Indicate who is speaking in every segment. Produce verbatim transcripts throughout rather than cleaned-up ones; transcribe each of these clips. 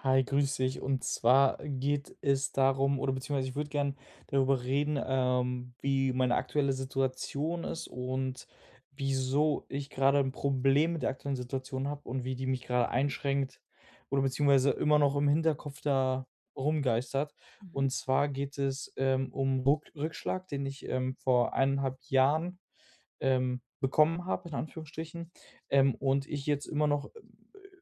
Speaker 1: Hi, grüß dich. Und zwar geht es darum oder beziehungsweise ich würde gerne darüber reden, ähm, wie meine aktuelle Situation ist und wieso ich grade 'n Problem mit der aktuellen Situation habe und wie die mich grade einschränkt, oder beziehungsweise immer noch im Hinterkopf da rumgeistert. Und
Speaker 2: Mhm.
Speaker 1: zwar geht es, ähm, um Ruck Rückschlag, den ich, ähm, vor eineinhalb Jahren, ähm, bekommen habe, in Anführungsstrichen, ähm, und ich jetzt immer noch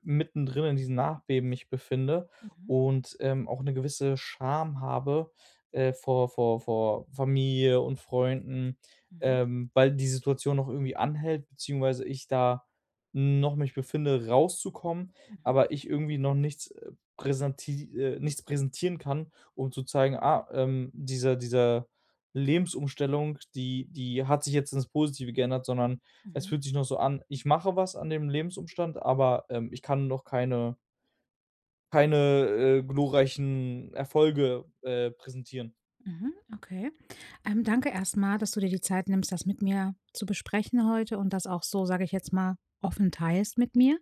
Speaker 1: mitten drin in diesem Nachbeben mich befinde
Speaker 2: Mhm.
Speaker 1: und, ähm, auch 'ne gewisse Scham habe, äh, vor vor vor Familie und Freunden,
Speaker 2: Mhm.
Speaker 1: ähm, weil die Situation noch irgendwie anhält, beziehungsweise ich da noch mich befinde, rauszukommen,
Speaker 2: Mhm.
Speaker 1: aber ich irgendwie noch nichts, äh, präsenti äh, nichts präsentieren kann, um zu zeigen: „Ah, ähm, diese diese Lebensumstellung, die die hat sich jetzt ins Positive geändert“, sondern es
Speaker 2: Mhm.
Speaker 1: fühlt sich noch so an, ich mache was an dem Lebensumstand, aber, ähm, ich kann noch keine keine, äh, glorreichen Erfolge, äh, präsentieren.
Speaker 2: Mhm. Okay. Ähm, danke erstmal, dass du dir die Zeit nimmst, das mit mir zu besprechen heute und das auch so, sage ich jetzt mal, offen teilst mit mir.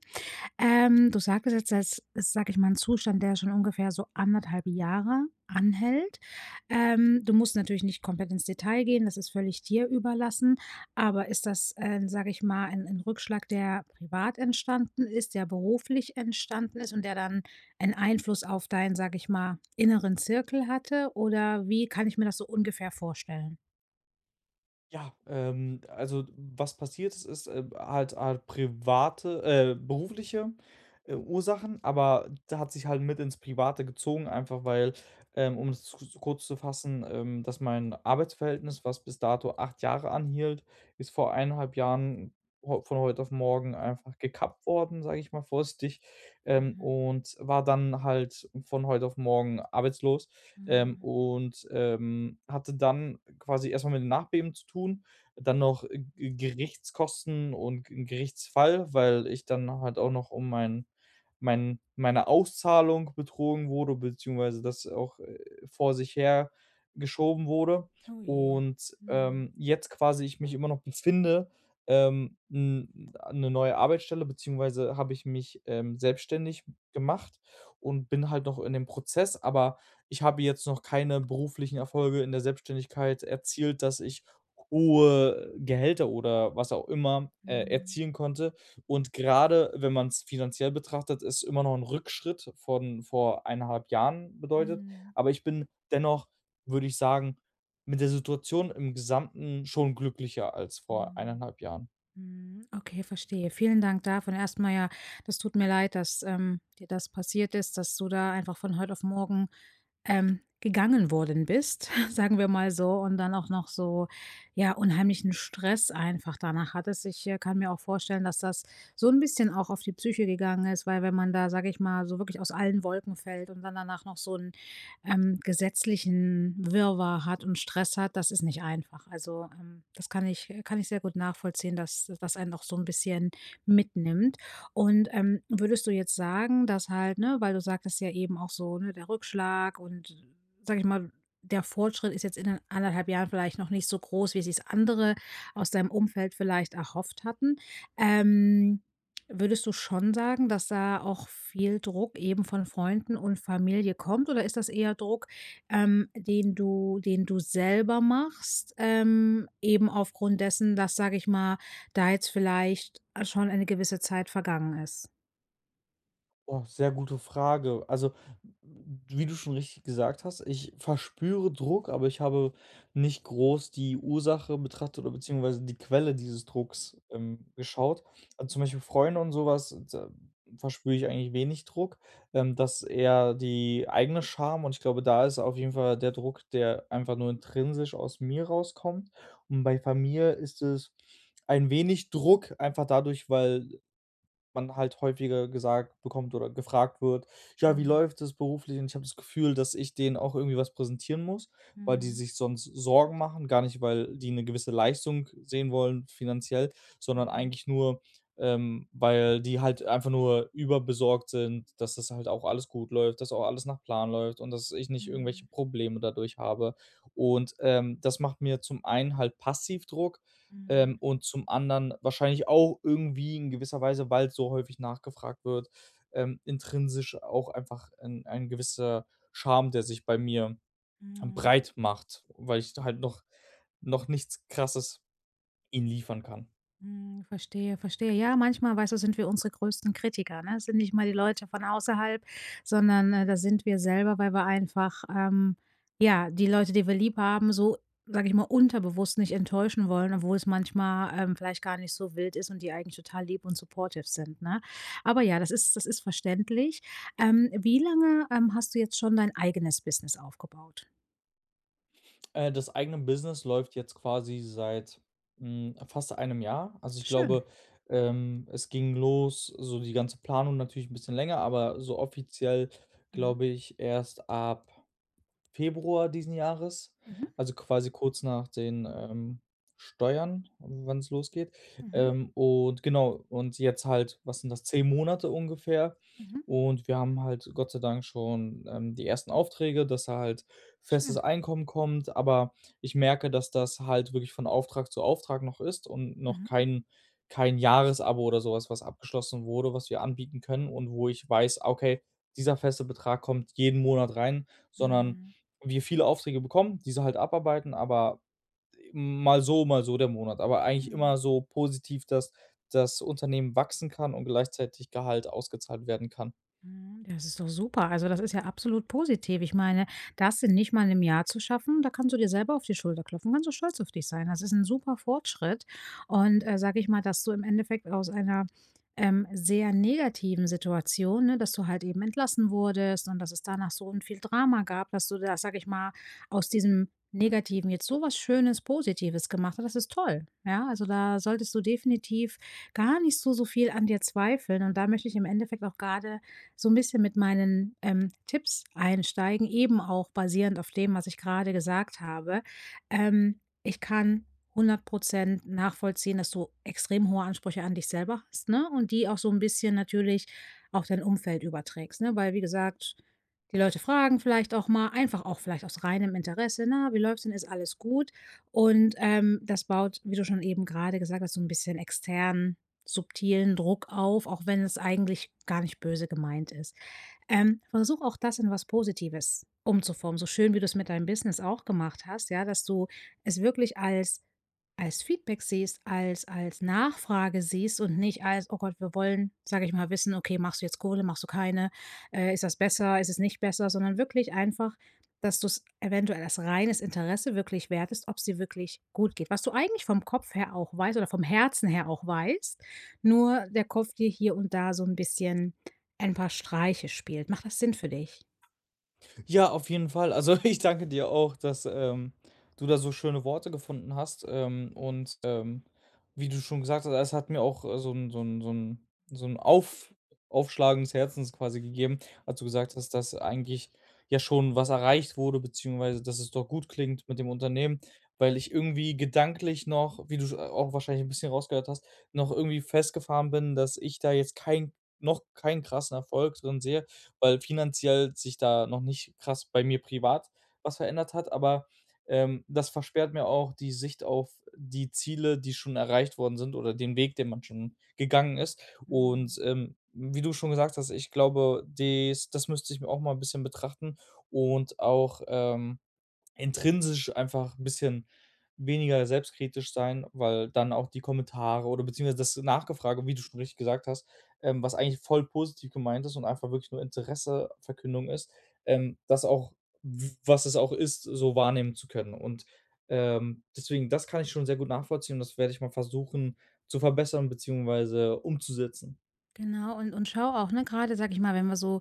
Speaker 2: Ähm, du sagtest jetzt, das ist, sage ich mal, 'n Zustand, der schon ungefähr so anderthalb Jahre anhält ähm, du musst natürlich nicht komplett ins Detail gehen, das ist völlig dir überlassen, aber ist das, ähm, sage ich mal, ein ein Rückschlag, der privat entstanden ist, der beruflich entstanden ist und der dann 'n Einfluss auf deinen, sage ich mal, inneren Zirkel hatte, oder wie kann ich mir das so ungefähr vorstellen?
Speaker 1: Ja, ähm, also, was passiert ist, ist halt halt private äh, berufliche Ursachen, aber da hat sich halt mit ins Private gezogen, einfach, weil, ähm, um es s kurz zu fassen, ähm, dass mein Arbeitsverhältnis, was bis dato acht Jahre anhielt, ist vor eineinhalb Jahren v von heute auf morgen einfach gekappt worden, sage ich mal vorsichtig, ähm,
Speaker 2: Mhm.
Speaker 1: und war dann halt von heute auf morgen arbeitslos. Ähm,
Speaker 2: Mhm.
Speaker 1: und, ähm, hatte dann quasi erstmal mit dem Nachbeben zu tun, dann noch G Gerichtskosten und Gerichtsfall, weil ich dann halt auch noch um mein mein meine Auszahlung betrogen wurde, beziehungsweise das auch vor sich her geschoben wurde
Speaker 2: Oh je,
Speaker 1: und,
Speaker 2: mhm.
Speaker 1: ähm, jetzt quasi ich mich immer noch befinde, ähm, 'n 'ne neue Arbeitsstelle beziehungsweise habe ich mich, ähm, selbstständig gemacht und bin halt noch in dem Prozess, aber ich habe jetzt noch keine beruflichen Erfolge in der Selbstständigkeit erzielt, dass ich hohe Gehälter oder was auch immer, äh,
Speaker 2: Mhm.
Speaker 1: erzielen konnte. Und grade wenn man's finanziell betrachtet, ist es immer noch ein Rückschritt von vor eineinhalb Jahren bedeutet,
Speaker 2: Mhm.
Speaker 1: aber ich bin dennoch, würde ich sagen, mit der Situation im Gesamten schon glücklicher als vor
Speaker 2: Mhm.
Speaker 1: eineinhalb Jahren.
Speaker 2: Mhm. Okay, verstehe. Vielen Dank dafür erstmal. Ja, das tut mir leid, dass, ähm, dir das passiert ist, dass du da einfach von heute auf morgen, ähm, gegangen worden bist, sagen wir mal so, und dann auch noch so, ja, unheimlichen Stress einfach danach hattest. Ich, äh, kann mir auch vorstellen, dass das so 'n bisschen auch auf die Psyche gegangen ist, weil, wenn man da, sage ich mal, so wirklich aus allen Wolken fällt und dann danach noch so 'n, ähm, gesetzlichen Wirrwarr hat und Stress hat, das ist nicht einfach. Also, ähm, das kann ich kann ich sehr gut nachvollziehen, dass das einen auch so 'n bisschen mitnimmt und, ähm, würdest du jetzt sagen, dass halt ne, weil du sagtest ja eben auch so, ne, der Rückschlag und, sage ich mal, der Fortschritt ist jetzt in anderthalb Jahren vielleicht noch nicht so groß, wie sich's andere aus deinem Umfeld vielleicht erhofft hatten, ähm, würdest du schon sagen, dass da auch viel Druck eben von Freunden und Familie kommt oder ist das eher Druck, ähm, den du den du selber machst, ähm, eben aufgrund dessen, dass, sage ich mal, da jetzt vielleicht schon eine gewisse Zeit vergangen ist.
Speaker 1: Oh, sehr gute Frage. Also, w wie du schon richtig gesagt hast, ich verspüre Druck, aber ich habe nicht groß die Ursache betrachtet oder beziehungsweise die Quelle dieses Drucks, ähm, geschaut. Also, zum Beispiel Freunde und sowas, da verspüre ich eigentlich wenig Druck, ähm, das ist eher die eigene Scham und ich glaube, da ist auf jeden Fall der Druck, der einfach nur intrinsisch aus mir rauskommt. Und bei Familie ist es ein wenig Druck, einfach dadurch, weil man halt häufiger gesagt bekommt oder gefragt wird: „Ja, wie
Speaker 2: Mhm.
Speaker 1: läuft es beruflich?“ Und ich habe das Gefühl, dass ich denen auch irgendwie was präsentieren muss, weil die
Speaker 2: Mhm.
Speaker 1: sich sonst Sorgen machen, gar nicht, weil die 'ne gewisse Leistung sehen wollen, finanziell, sondern
Speaker 2: Mhm.
Speaker 1: eigentlich nur, ähm, weil die halt einfach nur überbesorgt sind, dass das halt auch alles gut läuft, dass auch alles nach Plan läuft und dass ich nicht irgendwelche
Speaker 2: Mhm.
Speaker 1: Probleme dadurch habe. Und, ähm, das macht mir zum einen halt passiv Druck, ähm,
Speaker 2: Mhm.
Speaker 1: und zum anderen wahrscheinlich auch irgendwie in gewisser Weise, weil's so häufig nachgefragt wird, ähm, intrinsisch auch einfach 'n ein gewisser Scham, der sich bei mir
Speaker 2: Mhm.
Speaker 1: breit macht, weil ich da halt noch noch nichts Krasses ihnen liefern kann.
Speaker 2: Mhm. Verstehe, verstehe. Ja, manchmal, weißt du, sind wir unsere größten Kritiker, ne? Sind nicht mal die Leute von außerhalb, sondern da sind wir selber, weil wir einfach, ähm ja, die Leute, die wir lieb haben, so, sage ich mal, unterbewusst nicht enttäuschen wollen, obwohl es manchmal, ähm, vielleicht gar nicht so wild ist und die eigentlich total lieb und supportive sind, ne? Aber ja, das ist das ist verständlich. Ähm, wie lange, ähm, hast du jetzt schon dein eigenes Business aufgebaut?
Speaker 1: Äh, das eigene Business läuft jetzt quasi seit, hm, fast einem Jahr. Also, ich
Speaker 2: Schön.
Speaker 1: glaube, ähm, es ging los so die ganze Planung natürlich 'n bisschen länger, aber so offiziell,
Speaker 2: Mhm.
Speaker 1: glaube ich erst ab Februar diesen Jahres,
Speaker 2: Mhm.
Speaker 1: also, quasi kurz nach den, ähm, Steuern, wann's losgeht.
Speaker 2: Mhm.
Speaker 1: Ähm, und genau, und jetzt halt was sind das, zehn Monate ungefähr.
Speaker 2: Mhm.
Speaker 1: Und wir haben halt Gott sei Dank schon, ähm, die ersten Aufträge, dass da halt festes
Speaker 2: Schön.
Speaker 1: Einkommen kommt, aber, ich merke, dass das halt wirklich von Auftrag zu Auftrag noch ist und noch
Speaker 2: Mhm.
Speaker 1: kein kein Jahresabo oder sowas, was abgeschlossen wurde, was wir anbieten können und wo ich weiß: „Ah, okay, dieser feste Betrag kommt jeden Monat rein“, sondern,
Speaker 2: Mhm.
Speaker 1: wir viele Aufträge bekommen, diese halt abarbeiten, aber mal so, mal so der Monat. Aber eigentlich
Speaker 2: Mhm.
Speaker 1: immer so positiv, dass das Unternehmen wachsen kann und gleichzeitig Gehalt ausgezahlt werden kann.
Speaker 2: Mhm, das ist doch super, also, das ist ja absolut positiv. Ich meine, das in nicht mal 'nem Jahr zu schaffen, da kannst du dir selber auf die Schulter klopfen, kannst du stolz auf dich sein. Das ist 'n super Fortschritt und, sage ich mal, dass du im Endeffekt aus einer, ähm, sehr negativen Situation, ne dass du halt eben entlassen wurdest und dass es danach so 'n viel Drama gab dass du da, sage ich mal, aus diesem Negativen jetzt so was Schönes Positives gemacht hast. Das ist toll. Ja, also, da solltest du definitiv gar nicht so so viel an dir zweifeln und da möchte ich im Endeffekt auch grade so 'n bisschen mit meinen, ähm, Tipps einsteigen, eben auch basierend auf dem, was ich grade gesagt habe. Ähm, ich kann hundert Prozent nachvollziehen, dass du extrem hohe Ansprüche an dich selber hast, ne, und die auch so 'n bisschen natürlich auf dein Umfeld überträgst, ne, weil, wie gesagt, die Leute fragen vielleicht auch mal, einfach auch vielleicht aus reinem Interesse: „Na, wie läuft's denn? Ist alles gut?” Und, ähm, das baut, wie du schon eben grade gesagt hast, so 'n bisschen externen subtilen Druck auf, auch wenn es eigentlich gar nicht böse gemeint ist. Ähm, versuche auch das in was Positives umzuformen, so schön, wie du es mit deinem Business auch gemacht hast. Ja, dass du es wirklich als als Feedback siehst, als als Nachfrage siehst und nicht als: „Oh Gott, wir wollen”, sage ich mal, „wissen, okay, machst du jetzt Kohle? Machst du keine? Äh, ist das besser? Ist es nicht besser?” sondern wirklich einfach, dass du's eventuell als reines Interesse wirklich wert ist, ob's dir wirklich gut geht. Was du eigentlich vom Kopf her auch weißt oder vom Herzen her auch weißt, nur der Kopf dir hier und da so 'n bisschen ein paar Streiche spielt. Macht das Sinn für dich?
Speaker 1: Ja, auf jeden Fall. Also, ich danke dir auch, dass, ähm, du da so schöne Worte gefunden hast, ähm, und, ähm, wie du schon gesagt hast, es hat mir auch, äh, so 'n so 'n so 'n so 'n Auf Aufschlagen des Herzens quasi gegeben, als du gesagt hast, dass eigentlich ja schon was erreicht wurde, beziehungsweise dass es doch gut klingt mit dem Unternehmen, weil ich irgendwie gedanklich noch, wie du sch a auch wahrscheinlich 'n bisschen rausgehört hast, noch irgendwie festgefahren bin, dass ich da jetzt kein noch kein krassen Erfolg drin sehe, weil finanziell sich da noch nicht krass bei mir privat was verändert hat. Aber, ähm, das versperrt mir auch die Sicht auf die Ziele, die schon erreicht worden sind, oder den Weg, den man schon gegangen ist,
Speaker 2: Mhm.
Speaker 1: und, ähm, wie du schon gesagt hast, ich glaube, des das müsste ich mir auch mal bisschen betrachten und auch, ähm, intrinsisch einfach 'n bisschen weniger selbstkritisch sein, weil dann auch die Kommentare oder beziehungsweise das Nachgefrage wie du schon richtig gesagt hast, ähm, was eigentlich voll positiv gemeint ist und einfach wirklich nur Interesseverkündung ist, ähm, das auch w was es auch ist, so wahrnehmen zu können. Und, ähm, deswegen, das kann ich schon sehr gut nachvollziehen und das werde ich mal versuchen, zu verbessern beziehungsweise umzusetzen.
Speaker 2: Genau und und schaue auch, ne, grade sage ich mal, wenn wir so,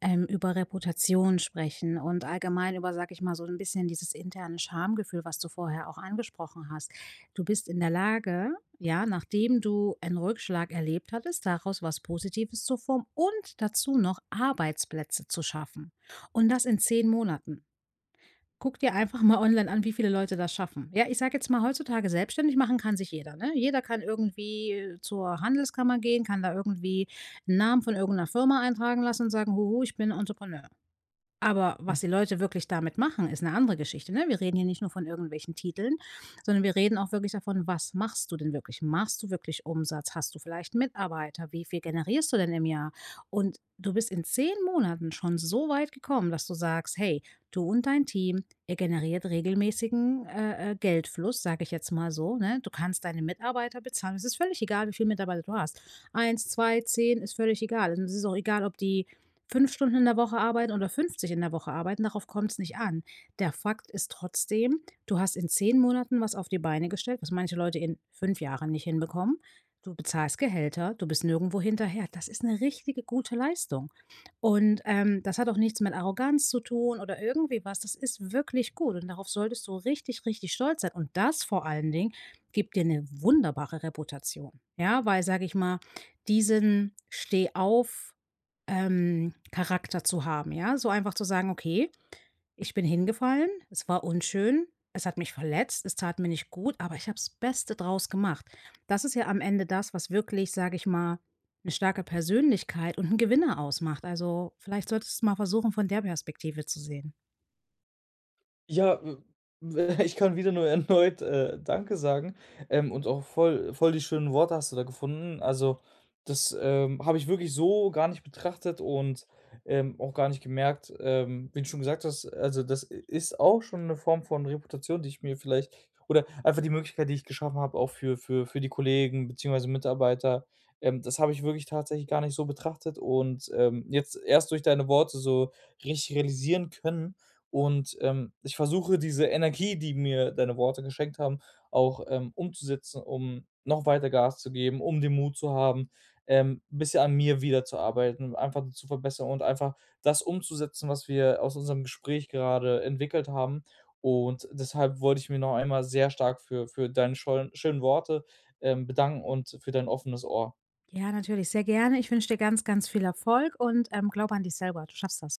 Speaker 2: ähm, über Reputation sprechen und allgemein über, sage ich mal, so 'n bisschen dieses interne Schamgefühl, was du vorher auch angesprochen hast. Du bist in der Lage, ja, nachdem du einen Rückschlag erlebt hattest, daraus was Positives zu formen und dazu noch Arbeitsplätze zu schaffen. Und das in zehn Monaten. Guck dir einfach mal online an, wie viele Leute das schaffen. Ja, ich sage jetzt mal, heutzutage selbstständig machen kann sich jeder, ne? Jeder kann irgendwie zur Handelskammer gehen, kann da irgendwie 'n Namen von irgend 'ner Firma eintragen lassen und sagen: „Huhu, ich bin Entrepreneur.“ Aber was die Leute wirklich damit machen, ist 'ne andere Geschichte, ne? Wir reden hier nicht nur von irgendwelchen Titeln, sondern wir reden auch wirklich davon, was machst du denn wirklich? Machst du wirklich Umsatz? Hast du vielleicht Mitarbeiter? Wie viel generierst du denn im Jahr? Und du bist in Zehn Monaten schon so weit gekommen, dass du sagst: „Hey, du und dein Team, ihr generiert regelmäßigen, äh, äh, Geldfluss“, sage ich jetzt mal so, ne, du kannst deine Mitarbeiter bezahlen. Es ist völlig egal, wie viele Mitarbeiter du hast. eins, zwei, zehn, ist völlig egal. Es ist auch egal, ob die fünf Stunden in der Woche arbeiten oder fünfzig in der Woche arbeiten, darauf kommt's nicht an. Der Fakt ist trotzdem: Du hast in zehn Monaten was auf die Beine gestellt, was manche Leute in fünf Jahren nicht hinbekommen. Du bezahlst Gehälter. Du bist nirgendwo hinterher. Das ist 'ne richtige, gute Leistung. Und, ähm, das hat auch nichts mit Arroganz zu tun, oder irgendwie was, das ist wirklich gut und darauf solltest du richtig, richtig stolz sein. Und das vor allen Dingen gibt dir 'ne wunderbare Reputation, ja? Weil, sage ich mal, diesen Stehauf ähm, Charakter zu haben, ja? So, einfach zu sagen: „Okay, ich bin hingefallen. Es war unschön. Es hat mich verletzt. Es tat mir nicht gut, aber ich habe das Beste draus gemacht.“ Das ist ja am Ende das, was wirklich, sage ich mal, 'ne starke Persönlichkeit und 'n Gewinner ausmacht, also, vielleicht solltest du mal versuchen, von der Perspektive zu sehen.
Speaker 1: Ja, äh, w ich kann wieder nur erneut, äh, „Danke“ sagen, ähm, und auch voll voll die schönen Worte hast du da gefunden. Also, das, ähm, habe ich wirklich so gar nicht betrachtet und, ähm, auch gar nicht gemerkt, ähm, wie du schon gesagt hast, also, das i ist auch schon 'ne Form von Reputation, die ich mir vielleicht oder, einfach die Möglichkeit, die ich geschaffen habe, auch für für für die Kollegen beziehungsweise Mitarbeiter, ähm, das habe ich wirklich tatsächlich gar nicht so betrachtet und, ähm, jetzt erst durch deine Worte so richtig realisieren können. Und, ähm, ich versuche, diese Energie, die mir deine Worte geschenkt haben, auch, ähm, umzusetzen, um noch weiter Gas zu geben, um den Mut zu haben, ähm, bisschen an mir wieder zu arbeiten, einfach zu verbessern und einfach das umzusetzen, was wir aus unserem Gespräch gerade entwickelt haben. Und deshalb wollte ich mich noch einmal sehr stark für für deine Schollen schönen Worte, ähm, bedanken und für dein offenes Ohr.
Speaker 2: Ja, natürlich, sehr gerne. Ich wünsche dir ganz, ganz viel Erfolg und, ähm, glaube an dich selber. Du schaffst das.